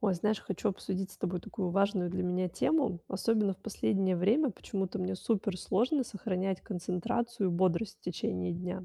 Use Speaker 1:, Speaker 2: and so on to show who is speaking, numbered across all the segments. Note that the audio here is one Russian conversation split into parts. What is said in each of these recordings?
Speaker 1: Ой, знаешь, хочу обсудить с тобой такую важную для меня тему. Особенно в последнее время почему-то мне супер сложно сохранять концентрацию и бодрость в течение дня.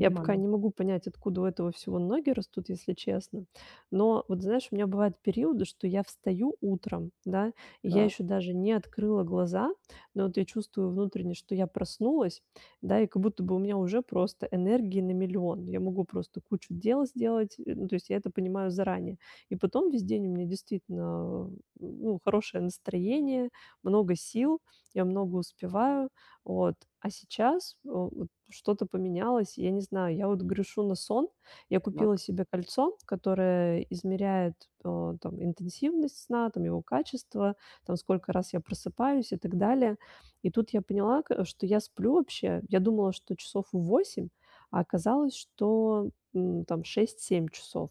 Speaker 1: Я пока не могу понять, откуда у этого всего ноги растут, если честно. Но вот, знаешь, у меня бывают периоды, что я встаю утром, да, и я
Speaker 2: Так.
Speaker 1: ещё даже не открыла глаза, но вот я чувствую внутренне, что я проснулась, да? И как будто бы у меня уже просто энергии на миллион. Я могу просто кучу дел сделать. Э, ну, то есть я это понимаю заранее. И потом весь день у меня действительно, а, ну, хорошее настроение, много сил, я много успеваю. Вот. А сейчас, э, вот что-то поменялось. И я не знаю. Я вот грешу на сон. Я купила
Speaker 2: Так.
Speaker 1: себе кольцо, которое измеряет, э, там, интенсивность сна, там, его качество, там, сколько раз я просыпаюсь и так далее. И тут я поняла, к что я сплю вообще, я думала, что часов 8, а оказалось, что, м, там 6-7 часов.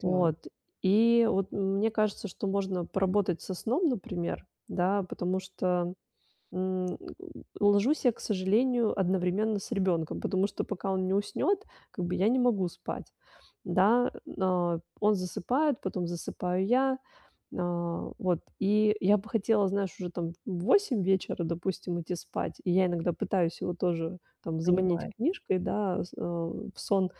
Speaker 2: Так.
Speaker 1: Вот. И вот, м, мне кажется, что можно поработать со сном, например, да? Потому что, м, э, ложусь я, к сожалению, одновременно с ребёнком, потому что пока он не уснёт, как бы я не могу спать, да? Э, но он засыпает, потом засыпаю я. Э, вот. И я бы хотела, знаешь, уже там в 8 вечера, допустим, идти спать. И я иногда пытаюсь его тоже, там, заманить
Speaker 2: Понимаю.
Speaker 1: книжкой, да, э, с, э, в сон,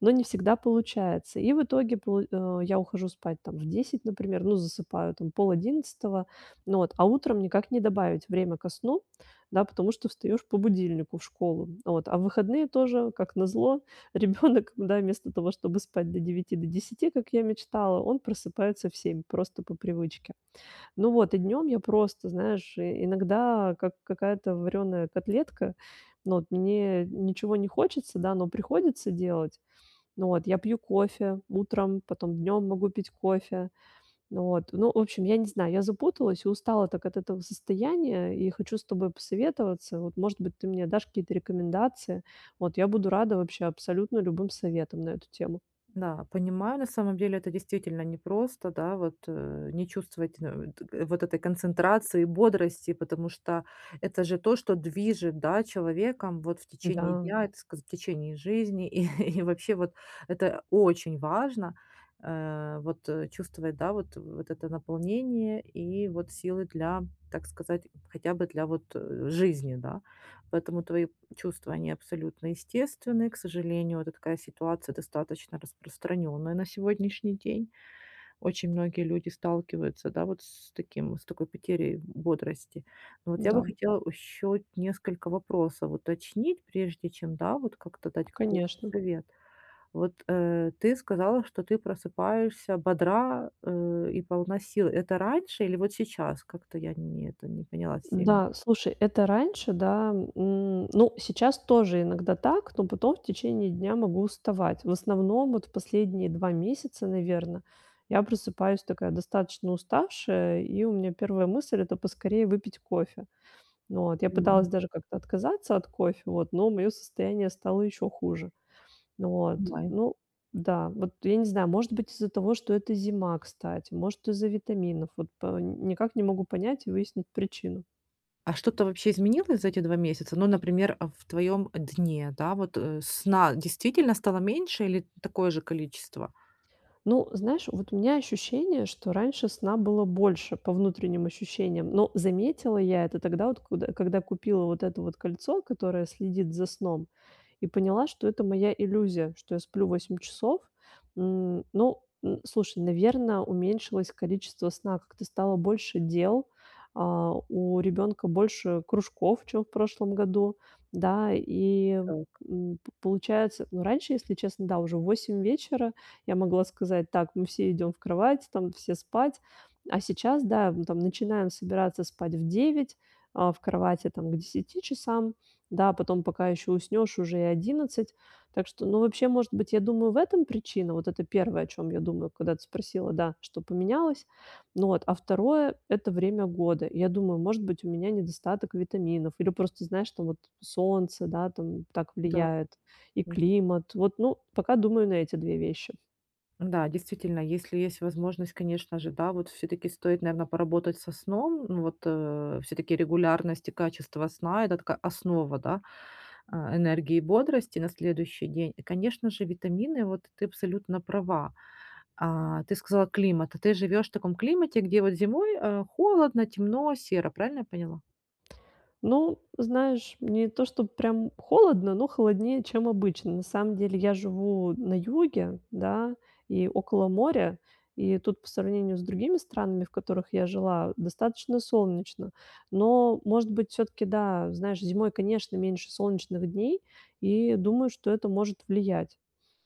Speaker 1: но не всегда получается. И в итоге пол э, я ухожу спать, там, в 10, например, ну, засыпаю там в 10:30. Ну вот, а утром никак не добавить время ко сну, да, потому что встаёшь по будильнику в школу. Вот. А в выходные тоже как назло, ребёнок, да, вместо того, чтобы спать до 9, до 10, как я мечтала, он просыпается в 7 просто по привычке. Ну вот, и днём я просто, знаешь, э, иногда как какая-то варёная котлетка. Ну, вот мне ничего не хочется, да, но приходится делать. Ну вот, я пью кофе утром, потом днём могу пить кофе. Ну вот. Ну, в общем, я не знаю. Я запуталась и устала так от этого состояния и хочу с тобой посоветоваться. Вот, может быть, ты мне дашь какие-то рекомендации. Вот я буду рада вообще абсолютно любым советам на эту тему.
Speaker 2: Да, понимаю. На самом деле это действительно непросто, да. Вот, э, не чувствовать, э, т вот этой концентрации и бодрости, потому что это же то, что движет, да, человеком, вот, в течение
Speaker 1: Да.
Speaker 2: дня, так сказать, в течение жизни. И, и вообще, вот это очень важно, э, вот, э, чувствовать, да, вот, вот это наполнение и вот силы для, так сказать, хотя бы для вот жизни, да. Поэтому твои чувства, они абсолютно естественны. К сожалению, вот такая ситуация достаточно распространенная на сегодняшний день. Очень многие люди сталкиваются, да, вот с таким, с такой потерей бодрости. Но вот я бы
Speaker 1: М-да.
Speaker 2: хотела еще вот несколько вопросов уточнить, прежде чем, да, вот как-то дать какой-то
Speaker 1: Конечно.
Speaker 2: совет. Вот, э, ты сказала, что ты просыпаешься бодра, э, и полна сил. Это раньше или вот сейчас? Как-то я не это не поняла сильно.
Speaker 1: Да. Слушай, это раньше, да, м, ну, сейчас тоже иногда так, но потом в течение дня могу уставать. В основном, вот в последние 2 месяца, наверно, я просыпаюсь такая достаточно уставшая, и у меня 1 мысль- это поскорее выпить кофе. Вот я пыталась
Speaker 2: Понимаю.
Speaker 1: даже как-то отказаться от кофе, вот, но моё состояние стало ещё хуже. Вот.
Speaker 2: Понимаю.
Speaker 1: Ну да. Вот я не знаю, может быть, из-за того, что это зима, кстати, может, из-за витаминов, вот по никак не могу понять и выяснить причину.
Speaker 2: А что-то вообще изменилось за эти 2 месяца? Ну, например, а, в твоем дне, да? Вот, э, сна действительно стало меньше или такое же количество?
Speaker 1: Ну, знаешь, вот у меня ощущение, что раньше сна было больше по внутренним ощущениям. Но заметила я это тогда, вот куд когда купила вот это вот кольцо, которое следит за сном, и поняла, что это моя иллюзия, что я сплю 8 часов. М, ну, н слушай, наверно, уменьшилось количество сна, как-то стало больше дел. А, у ребёнка больше кружков, чем в прошлом году, да. И,
Speaker 2: Так.
Speaker 1: м, п получается, ну, раньше, если честно, да, уже в 8 вечера я могла сказать: "Так, мы всё идём в кровать, там, все спать". А сейчас, да, мы там начинаем собираться спать в 9, а, в кровати, там, к 10 часам, да. Потом пока ещё уснёшь, уже и 11. Так что, ну, вообще, может быть, я думаю, в этом причина. Вот это первое о чём я думаю, когда ты спросила, да, что поменялось. Ну вот, а второе- это время года. Я думаю: может быть, у меня недостаток витаминов или просто, знаешь, там, вот солнце, да, там, так
Speaker 2: Да.
Speaker 1: влияет и
Speaker 2: Нд
Speaker 1: климат. Вот, ну, пока думаю на эти 2 вещи.
Speaker 2: Да, действительно, если есть возможность, конечно же, да, вот всё-таки стоит, наверно, поработать со сном. Ну вот, э, всё-таки регулярность и качество сна- это такая основа, да, а, энергии и бодрости на следующий день. И, конечно же, витамины. Вот ты абсолютно права. А. Ты сказала климат, а ты живешь в таком климате, где вот зимой, э, холодно, темно, серо. Правильно я поняла?
Speaker 1: Ну, знаешь, не то чтобы прям холодно, но холоднее, чем обычно. На самом деле я живу на юге, да, и около моря. И тут по сравнению с другими странами, в которых я жила, достаточно солнечно. Но, может быть, всё-таки да, знаешь, зимой, конечно, меньше солнечных дней и думаю, что это может влиять.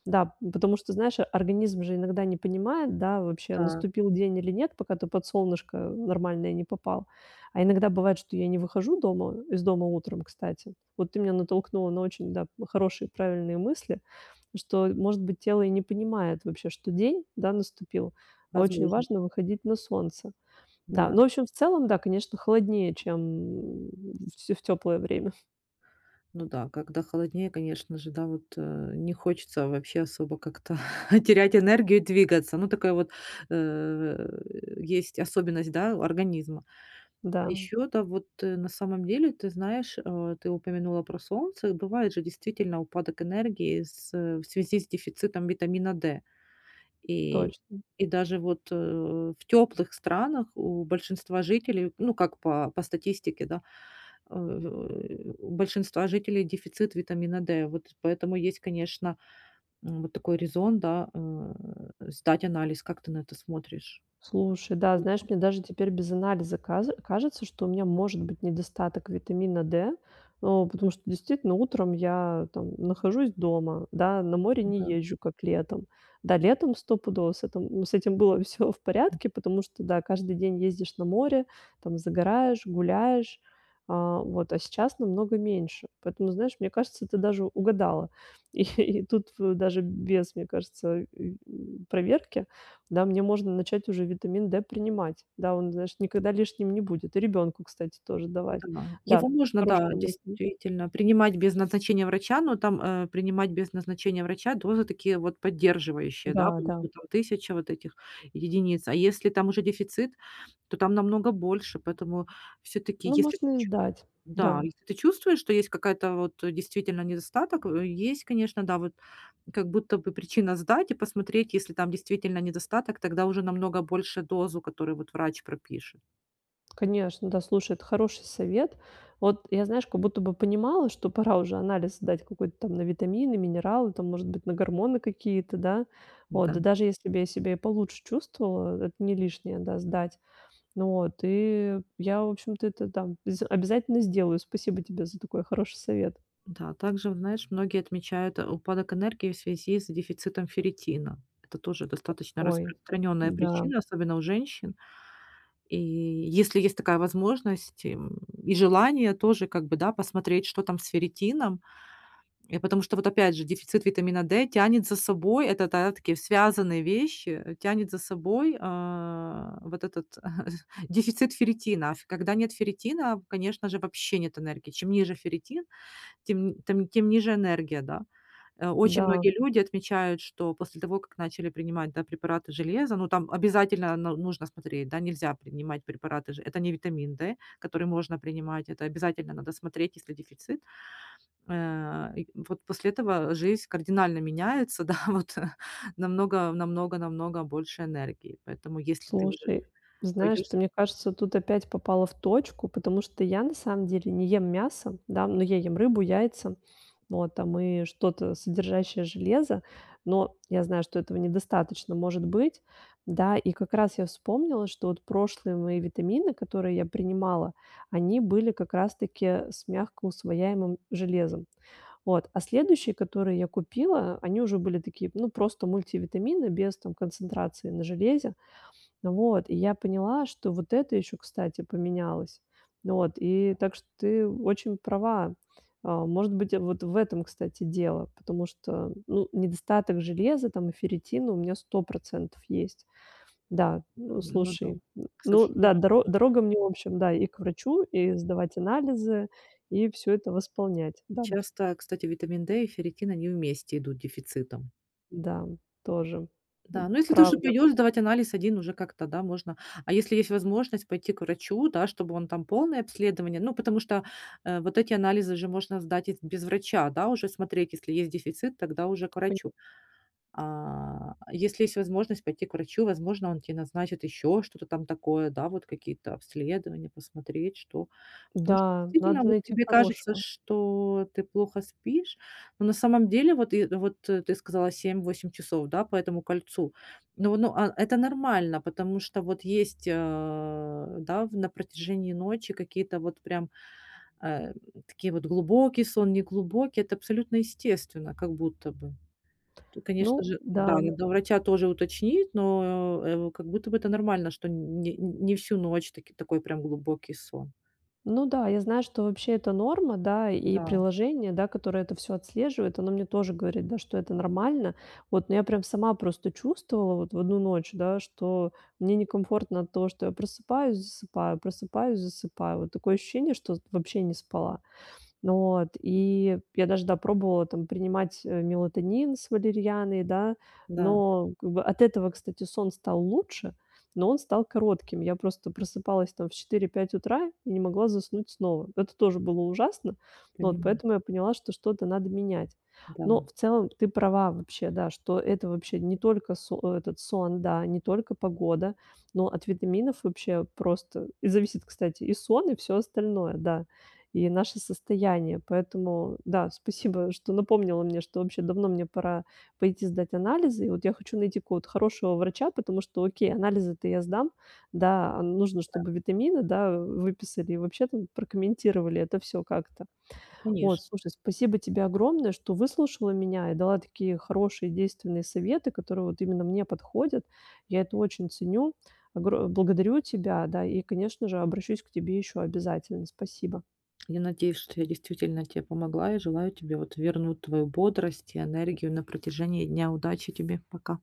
Speaker 1: Да, ну потому что, знаешь, организм же иногда не понимает, да, вообще
Speaker 2: Так.
Speaker 1: наступил день или нет, пока ты под солнышко нормальное не попал. А иногда бывает, что я не выхожу дома из дома утром, кстати. Вот ты меня натолкнула на очень, да, п хорошие, правильные мысли, что, э может быть, тело и не понимает вообще, что день, да, наступил. А очень
Speaker 2: Возможно.
Speaker 1: важно выходить на солнце. Да.
Speaker 2: Да.
Speaker 1: Ну, в общем и целом, да, конечно, холоднее, чем м в те в теплое время.
Speaker 2: Ну да, когда холоднее, конечно же, да, вот, э, не хочется вообще особо как-то терять энергию и двигаться. Ну, такая вот, э, в, э, есть особенность, да, у организма.
Speaker 1: Да,
Speaker 2: А
Speaker 1: м.
Speaker 2: ещё, да, вот, э, на самом деле, ты знаешь, а, ты упомянула про солнце. Бывает же действительно упадок энергии с в связи с дефицитом витамина D. И,
Speaker 1: Точно.
Speaker 2: и даже вот, э, в тёплых странах у большинства жителей, ну, как по по статистике, да, а, в, э, у большинства жителей дефицит витамина D. Вот поэтому есть, конечно, м, вот такой резон, да, э, сдать анализ. Как ты на это смотришь?
Speaker 1: Слушай, да. Знаешь,
Speaker 2: Мгм.
Speaker 1: мне даже теперь без анализа казе кажется, что у меня может быть недостаток витамина D. Ну, потому что действительно утром я, там, нахожусь дома, да, на море не
Speaker 2: М-да.
Speaker 1: езжу, как летом. Да, летом стопудово с этом ну с этим было всё в
Speaker 2: М.
Speaker 1: порядке, потому что да, каждый день ездишь на море, там, загораешь, гуляешь. А, вот. А сейчас намного меньше. Поэтому, знаешь, мне кажется, ты даже угадала. Их и тут в даже без, мне кажется, ы м, проверки. Да, мне можно начать уже витамин D принимать. Да, он, знаешь, никогда лишним не будет. И ребёнку, кстати, тоже давать.
Speaker 2: Это мало,
Speaker 1: Да,
Speaker 2: его можно, да,
Speaker 1: хорошая мысль.
Speaker 2: действительно принимать без назначения врача, но там, э, принимать без назначения врача дозы такие, вот
Speaker 1: М
Speaker 2: поддерживающие,
Speaker 1: да,
Speaker 2: да.
Speaker 1: да.
Speaker 2: По-моему, там 1 000 вот этих единиц. А если там уже дефицит, то там намного больше. Поэтому всё-таки
Speaker 1: Ну,
Speaker 2: если ты
Speaker 1: можно и
Speaker 2: ч
Speaker 1: сдать.
Speaker 2: Да,
Speaker 1: Да.
Speaker 2: если ты чувствуешь, что есть какая-то, вот действительно недостаток, э, есть, конечно, да. Вот как будто бы причина сдать и посмотреть, если там действительно недостаток, тогда уже намного больше дозу, которую вот врач пропишет.
Speaker 1: Конечно, да. Слушай, это хороший совет. Вот я, знаешь, как будто бы понимала, что пора уже анализ сдать какой-то там на витамины, минералы, там, может быть, на гормоны какие-то, да. Вот.
Speaker 2: М-да.
Speaker 1: Да даже если бы я себя и получше чувствовала, э это не лишнее, да, сдать. Ну вот. И я, в общем-то, это там з обязательно сделаю. Спасибо тебе за такой хороший совет.
Speaker 2: Да, также, вот знаешь, многие отмечают, а, упадок энергии в связи с дефицитом ферритина. Это тоже достаточно
Speaker 1: Ой,
Speaker 2: распространённая
Speaker 1: да.
Speaker 2: причина, особенно у женщин. И если есть такая возможность, и, м, и желание тоже как бы, да, посмотреть, что там с ферритином. Э, потому что, вот опять же, дефицит витамина D тянет за собой- это, да, такие связанные вещи, э, тянет за собой, а, вот этот, э, дефицит ферритина. А, ф когда нет ферритина, конечно же, вообще нет энергии. Чем ниже ферритин, тем тем, тем ниже энергия, да. Э очень
Speaker 1: Да.
Speaker 2: многие люди отмечают, что после того, как начали принимать, да, препараты железа, ну, там обязательно но нужно смотреть, да. Нельзя принимать препараты же это не витамин D, который можно принимать. Это обязательно надо смотреть, есть ли дефицит. Э, и вот после этого жизнь кардинально меняется, да. Вот, э, намного, намного, намного больше энергии. Поэтому если ты уже
Speaker 1: Слушай, знаешь,
Speaker 2: пойдёшь с
Speaker 1: ты, мне кажется, тут опять попала в точку. Потому что я на самом деле не ем мясо, да. Но я ем рыбу, яйца, вот, там, и что-то содержащее железо. Но, я знаю, что этого недостаточно может быть, да. И как раз я вспомнила, что вот прошлые мои витамины, которые я принимала, они были как раз таки с мягко усвояемым железом. Вот. А следующие, которые я купила, они уже были такие, ну, просто мультивитамины без, там, концентрации на железе. Вот. И я поняла, что вот это ещё, кстати, поменялось. Ну вот. И так что ты очень права. А, может быть, э, вот в этом, кстати, дело. Потому что, ну, недостаток железа, там, и ферритина у меня 100 % есть. Да. Ну
Speaker 2: М, ну да.
Speaker 1: слушай, н
Speaker 2: К
Speaker 1: ну
Speaker 2: сошли
Speaker 1: да, доро
Speaker 2: [unintelligible]
Speaker 1: дорога мне в общем, да, и к врачу, и сдавать анализы, и всё это восполнять, да.
Speaker 2: Часто, кстати, витамин D и ферритин, они вместе идут дефицитом.
Speaker 1: Да. Тоже. М.
Speaker 2: Да, но если ты уже
Speaker 1: Правда.
Speaker 2: пойдёшь сдавать анализ 1 уже как-то, да, можно. А если есть возможность пойти к врачу, да, чтобы он там полное обследование. Ну, потому что, э, вот эти анализы же можно сдать и без врача, да. Уже смотреть, если есть дефицит, тогда уже к
Speaker 1: [unintelligible]
Speaker 2: врачу. А, если есть возможность пойти к врачу, возможно, он тебе назначит ещё что-то там такое, да, вот какие-то обследования посмотреть, что. Потому что
Speaker 1: Да,
Speaker 2: действительно,
Speaker 1: надо
Speaker 2: вот
Speaker 1: найти
Speaker 2: тебе кажется,
Speaker 1: хорошего.
Speaker 2: что ты плохо спишь, но на самом деле, вот и вот ты сказала 7-8 часов, да, по этому кольцу. Но, но, а, это нормально, потому что вот есть, а, да, в на протяжении ночи какие-то вот прям, э, такие вот глубокий сон, неглубокий. Это абсолютно естественно, как будто бы. Тут, конечно
Speaker 1: Ну
Speaker 2: же, да,
Speaker 1: да.
Speaker 2: надо у врача тоже уточнить, но, э, как будто бы это нормально, что н не всю ночь таки такой прям глубокий сон.
Speaker 1: Ну да, я знаю, что вообще это норма, да. И
Speaker 2: Да.
Speaker 1: приложение, да, которое это всё отслеживает, оно мне тоже говорит, да, что это нормально. Вот. Но я прям сама просто чувствовала вот в 1 ночь, да, что мне некомфортно от того, что я просыпаюсь, засыпаю, просыпаюсь, засыпаю. Вот такое ощущение, что вот вообще не спала. Вот. И я даже, да, пробовала, там, принимать мелатонин с валерианой, да.
Speaker 2: Да.
Speaker 1: Но как бы от этого, кстати, сон стал лучше, но он стал коротким. Я просто просыпалась, там, в 4-5 утра и не могла заснуть снова. Это тоже было ужасно. Вот
Speaker 2: Понимаю.
Speaker 1: поэтому я поняла, что, что-то надо менять. Но
Speaker 2: Да.
Speaker 1: в целом ты права вообще, да, что это вообще не только со этот, сон, да, не только погода, но от витаминов вообще просто зависит, кстати, и сон, и всё остальное, да, и наше состояние. Поэтому да, спасибо, что напомнила мне, что вообще давно мне пора пойти сдать анализы. И вот я хочу найти какого-то хорошего врача, потому что окей, анализы-то я сдам, да, а нужно,
Speaker 2: Да.
Speaker 1: чтобы витамины, да, выписали и вообще, там, прокомментировали это всё как-то. Вот.
Speaker 2: Конечно.
Speaker 1: Слушай, спасибо тебе огромное, что выслушала меня и дала такие хорошие, действенные советы, которые вот именно мне подходят. Я это очень ценю. Огро благодарю тебя, да. И, конечно же, обращусь к тебе ещё обязательно. Спасибо.
Speaker 2: Я надеюсь, что я действительно тебе помогла и желаю тебе, вот, вернуть твою бодрость и энергию на протяжении дня. Удачи тебе. Пока.